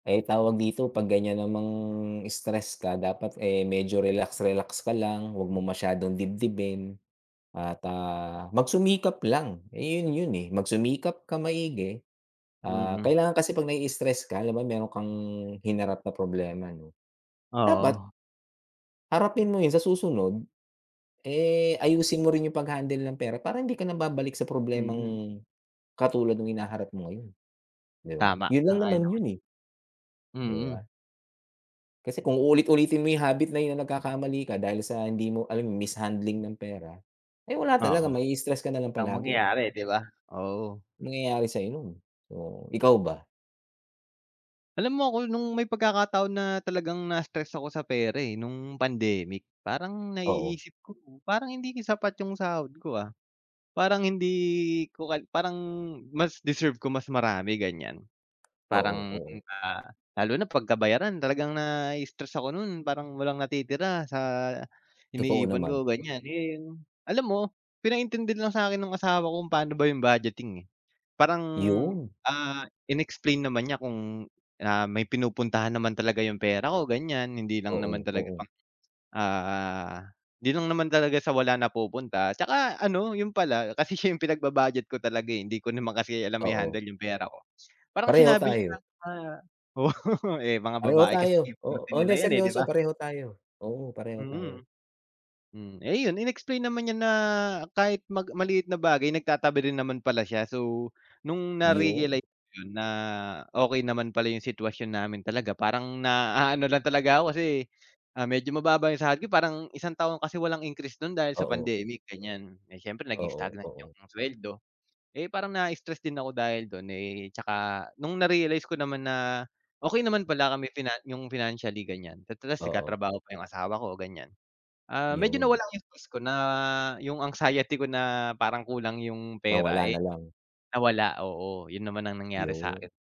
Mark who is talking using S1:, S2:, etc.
S1: Ay tawag dito pag ganyan namang stress ka dapat eh medyo relax-relax ka lang wag mo masyadong dibdibin at, ah, magsumikap lang eh yun, yun eh magsumikap ka maigi, ah,
S2: Mm.
S1: kailangan kasi pag nai-istress ka halimbawa meron kang hinarap na problema no dapat
S2: Oo.
S1: harapin mo yun sa susunod eh ayusin mo rin yung paghandle ng pera para hindi ka na babalik sa
S2: Mm.
S1: problemang katulad nung hinaharap mo ngayon, di ba?
S2: Tama
S1: Yun lang
S2: sang-ayon
S1: naman
S2: ako
S1: yun
S2: diyan,
S1: eh. Di
S2: mm.
S1: ba? Kasi kung uulit-ulitin mo yung habit na yun nagkakamali ka dahil sa hindi mo alam mishandling ng pera ay wala talaga
S2: Oo
S1: mai-stress ka nalang
S2: ang
S1: palagi.
S2: mangyayari di ba? Oo.
S1: Nangyayari sa'yo yun, oo. Ikaw ba?
S2: Alam mo ako nung may pagkakataon na talagang nai-stress ako sa pera eh nung pandemic, parang
S1: Oo.
S2: naiisip ko parang hindi din sapat yung sahod ko, ah. Parang hindi ko ko parang, mas deserve ko mas marami ganyan
S1: Oo
S2: parang,
S1: oo.
S2: ah, lalo na pagka bayaran talagang nai-stress ako nun parang walang natitira sa
S1: Totoo
S2: iniipon
S1: naman.
S2: ko ganyan and alam mo pinaintindi na lang sakin ng asawa ko kung paano ba yung budgeting eh, parang,
S1: Yun.
S2: ah, in-explain naman niya kung, ah, may pinupuntahan naman talaga yung pera ko ganyan, hindi lang naman
S1: Oo,
S2: talaga
S1: oo.
S2: pang, ah, hindi lang naman talaga sa wala napupunta tsaka ano yun pala, kasi siya yung pinagbu-budget ko talaga eh hindi ko naman kasi alam
S1: Oo.
S2: i-handle yung pera ko parang
S1: Pareho
S2: sinabi niya
S1: tayo.
S2: na oo eh, mga
S1: Pareho
S2: babae kasi
S1: tayo,
S2: eh
S1: oo,
S2: forte
S1: oh
S2: nila
S1: hindi,
S2: yan eh di
S1: seryoso
S2: ba?
S1: pareho tayo, oo pareho tayo.
S2: Mm, mm, eh yun in-explain naman niya na kahit mag maliit na bagay nagtatabi din naman pala siya. So nung
S1: Yun.
S2: narealize ko yun na okey naman pala yung sitwasyon namin talaga parang na aano lang talaga ako kasi, ah, medyo mababa yung sahod ko parang isang taong kasi walang increase dun dahil sa
S1: Oo.
S2: pandemic ganyan. Eh syempre naging
S1: Oo,
S2: stagnant yung
S1: oo.
S2: sweldo eh parang na-stress din ako dahil dun eh tsaka nung narealize ko naman na okey naman pala kami finan yung financially ganyan at ras
S1: Oo.
S2: nagtatrabaho pa yung asawa ko ganyan, ah, medyo
S1: Yun.
S2: nawala yung stress ko na yung anxiety ko na parang kulang yung pera
S1: Nawala
S2: eh
S1: na lang.
S2: nawala, oo yun naman ang nangyari sakin.
S1: Yun.